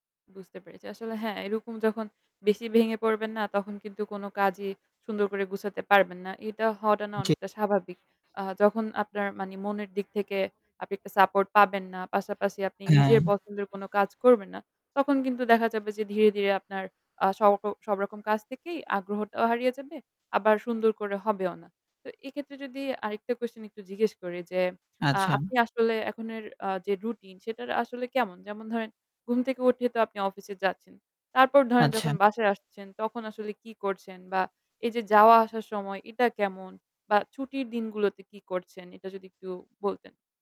বুঝতে পেরেছি। আসলে হ্যাঁ এরকম যখন বেশি ভেঙে পড়বেন না, তখন কিন্তু কোন কাজই সুন্দর করে গুছাতে পারবেন না। এটা হওয়াটা না জি। অনেকটা স্বাভাবিক। অ্যাঁ যখন আপনার মানি মনের দিক থেকে আপনি একটা সাপোর্ট পাবেন না, পাশাপাশি আপনি নিজের হ্যাঁ। পছন্দের কোন কাজ করবেন না। তখন কিন্তু দেখা যাবে যে ধীরে, ধীরে আপনার অ্যাঁ সব সবরকম কাজ থেকেই আগ্রহটাও হারিয়ে যাবে, আবার সুন্দর করে হবেও না। তো এক্ষেত্রে যদি আরেকটা কোশ্চেন একটু জিজ্ঞেস করি যে, অ্যাঁ আচ্ছা। আপনি আসলে এখনের অ্যাঁ যে রুটিন সেটার আসলে কেমন? যেমন ধরেন ঘুম থেকে উঠেই তো আপনি অফিসে যাচ্ছেন। তারপর ধরেন আচ্ছা। যখন বাসায় আসছেন তখন আসলে কি করছেন? বা এই যে যাওয়া আসার সময় এটা কেমন বা ছুটির দিনগুলোতে কি করছেন? এটা যদি একটু বলতেন।